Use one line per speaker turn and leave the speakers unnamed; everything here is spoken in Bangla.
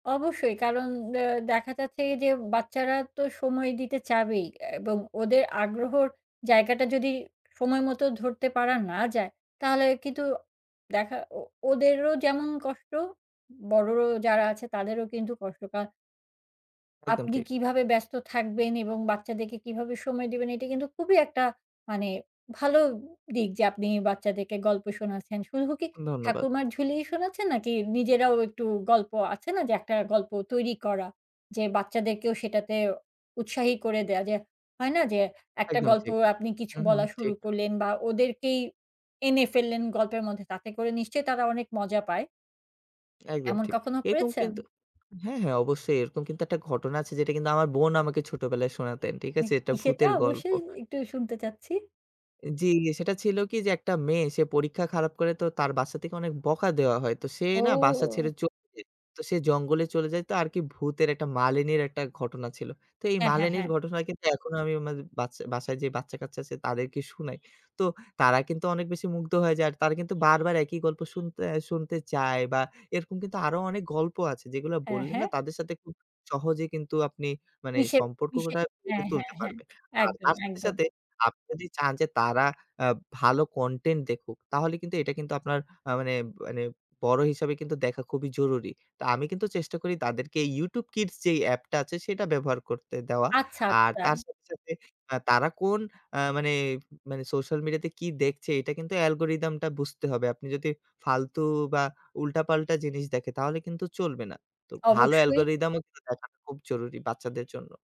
অবশ্যই কারণ দে দেখা যাচ্ছে যে বাচ্চারা তো সময় দিতে চাবেই এবং ওদের আগ্রহর জায়গাটা যদি সময় মতো ধরতে পারা না যায়, তাহলে কিন্তু দেখা ও ওদেরও যেমন কষ্ট, বড় র যারা আছে তাদেরও কিন্তু কষ্ট। কা
একদম
আপনি
ঠিক।
কিভাবে ব্যস্ত থাকবেন এবং বাচ্চাদেরকে কিভাবে সময় দিবেন এটা কিন্তু খুবই একটা মানে ভালো দিক যে আপনি বাচ্চাদেরকে গল্প শোনাচ্ছেন। শুধু কি
ধন্যবাদ।
'ঠাকুরমার ঝুলি'-ই শোনাচ্ছেন নাকি নিজেরাও একটু গল্প, আছে না যে একটা গল্প তৈরী করা, যে বাচ্চাদেরকেও সেটাতে উৎসাহী করে দেওয়া যে, হয়না যে একটা
একদম
গল্প
ঠিক।
আপনি কিছু
হুম, হুম।
বলা শুরু
ঠিক।
করলেন বা ওদেরকেই এনে ফেললেন গল্পের মধ্যে তাতে করে নিশ্চয়ই তারা অনেক মজা পায়।
একদম
এমন
ঠিক।
কখনো
এরকম
করেছেন?
কিন্তু হ্যাঁ, হ্যাঁ অবশ্যই এরকম কিন্তু একটা ঘটনা আছে যেটা কিন্তু আমার বোন আমাকে ছোটবেলায় শোনাতেন। ঠিক
হু।
আছে? এটা
সেটা
ভূতের গল্প।
অবশ্যই একটু শুনতে চাচ্ছি।
জ্বি সেটা ছিল কি যে একটা মেয়ে সে পরীক্ষা খারাপ করে তো তার বাসা থেকে অনেক বকা দেওয়া হয়। তো সে না বাসা ছেড়ে
ও!
চলে যায়। তো সে জঙ্গলে চলে যায় তো আরকি ভূতের একটা মালিনীর একটা ঘটনা ছিল। তো এই
হ্যাঁ, হ্যাঁ,
মালিনীর
হ্যাঁ।
ঘটনা কিন্তু এখনো আমি মাঝ বাচ বাসায় যে বাচ্চা কাচ্চা আছে তাদেরকে শুনাই। তো তারা কিন্তু অনেক বেশি মুগ্ধ হয়ে যায়। আর তারা কিন্তু বারবার একই গল্প শুনতে অ্যাঁ শুনতে চায় বা এরকম কিন্তু আরো অনেক গল্প আছে যেগুলা
হ্যাঁ,
বললে না
হ্যাঁ।
তাদের সাথে খুব সহজেই কিন্তু আপনি মানে
ইসে ইসে।
সম্পর্কটা গড়ে
হ্যাঁ, হ্যাঁ,
তুলতে
হ্যাঁ।
পারবেন। আর
একদম,
তার সাথে,
একদম।
সাথে আপনি যদি চান যে তারা আ ভালো কনটেন্ট দেখুক, তাহলে কিন্তু এটা কিন্তু আপনার আ মানে মানে বড় হিসাবে কিন্তু দেখা খুবই জরুরি। তো আমি কিন্তু চেষ্টা করি তাদেরকে YouTube Kids যেই অ্যাপটা আছে সেটা ব্যবহার করতে দেওয়া।
আচ্ছা,
আর
আচ্ছা।
তার সাথে, সাথে তারা কোন অ্যাঁ মানে মানে সোশ্যাল মিডিয়াতে কি দেখছে এটা কিন্তু অ্যালগরিদমটা বুঝতে হবে। আপনি যদি ফালতু বা উল্টাপাল্টা জিনিস দেখে তাহলে কিন্তু চলবে না। তো ভালো
অবশ্যই।
অ্যালগরিদমও কিন্তু দেখাটা খুব জরুরি বাচ্চাদের জন্য।